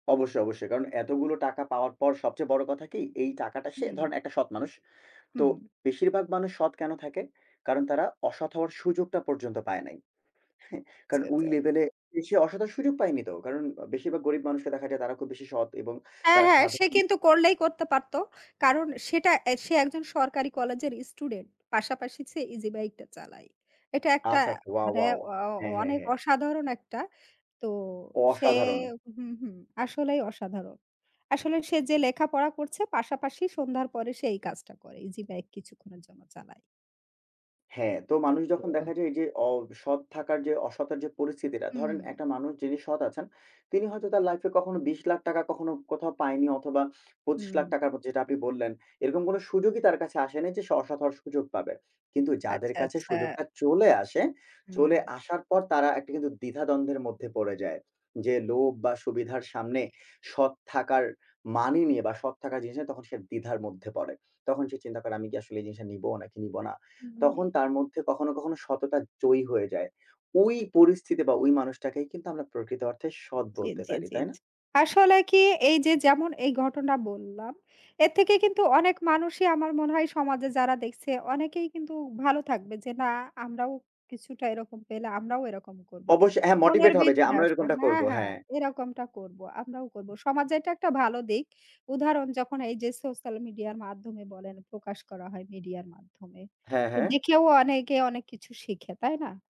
অবশ্য, অবশ্যই। কারণ এতগুলো টাকা পাওয়ার পর সবচেয়ে বড় কথা কি? এই টাকাটা সে হুম। ধরেন একটা সৎ মানুষ। তো হুম। বেশিরভাগ মানুষ সৎ কেন থাকে? কারণ তারা অসৎ হওয়ার সুযোগটা পর্যন্ত পায় নাই। হ্যাঁ, কারণ জি, ওই জি। লেভেলে এসে অসৎ হওয়ার সুযোগ পায়নি তো। কারণ ও বেশিরভাগ গরিব মানুষদের দেখা যায় তারা খুব বেশি সৎ এবং হ্যাঁ, তারা হ্যাঁ, সে সাধারণ কিন্তু করলেই করতে পারত। কারণ সেটা এ্যা সে একজন সরকারি কলেজের স্টুডেন্ট, পাশাপাশি ছে ইজি বাইকটা চালায়। এটা একটা আচ্ছা, আচ্ছা। ওয়া, মানে ওয়া, ওয়া। অ অ হ্যাঁ, হ্যাঁ, অনেক হ্যাঁ। অসাধারণ একটা। তো সে অসাধারণ। হুম, হুম, আসলেই অসাধারণ। আসলে সে যে লেখাপড়া করছে পাশাপাশি সন্ধ্যার পরে সে এই কাজটা করে। ইজি বাইক কিছুক্ষণের জন্য চালায়। হ্যাঁ, তো মানুষ যখন ওহ। দেখা যায় এই যে অসৎ থাকার যে, অসতার যে পরিস্থিতিটা, হু, ধরেন হুম। একটা মানুষ যিনি সৎ আছেন, তিনি হয়তো তার লাইফে কখনো ৳২০,০০,০০০ কখনো কোথাও পায়নি অথবা পঁচিশ হুম। লাখ টাকা যেটা আপনি বললেন, এরকম কোন সুযোগই তার কাছে আসে নাই যে স সে অসৎ হওয়ার সুযোগ পাবে। কিন্তু যাদের আচ্ছা, কাছে আচ্ছা। সুযোগটা চলে আসে, চলে হুম। আসার পর তারা একটা কিন্তু দ্বিধাদ্বন্দ্বের মধ্যে পড়ে যায়। যে লোভ বা সুবিধার সামনে সৎ থাকার মানই নিয়ে বা সৎ থাকা জিনিসটা তখন সে দ্বিধার মধ্যে পড়ে। তখন সে চিন্তা করে আমি কি আসলে এই জিনিসটা নিব নাকি নিব না? হু, হু, তখন হু। তার মধ্যে কখনো, কখনো, সততা জয়ী হয়ে যায়। ওই পরিস্থিতি বা ওই মানুষটাকেই কিন্তু আমরা প্রকৃত অর্থে সৎ জি, বলতে জি, পারি, জি, তাই না? জি। আসলে কি এই যে যেমন এই ঘটনা বললাম, এর থেকে কিন্তু অনেক মানুষই আমার মনে হয় সমাজে যারা দেখছে অনেকেই কিন্তু ভালো থাকবে। যে না আমরাও কিছুটা এরকম পেলে আমরাও এরকম করব। অবশ্যই, হ্যাঁ, মনের মোটিভেট হবে যে ভিতর আমরাও আসে এরকমটা হ্যাঁ, করব, হ্যাঁ হ্যাঁ। এরকমটা করব, আমরাও করব। সমাজের এটা একটা ভালো দিক। উদাহরণ যখন এই যে social media-র মাধ্যমে বলেন প্রকাশ করা হয় media-র মাধ্যমে, হ্যাঁ, তো হ্যাঁ। দেখেও অনেকে অনেক কিছু শিখে, তাই না?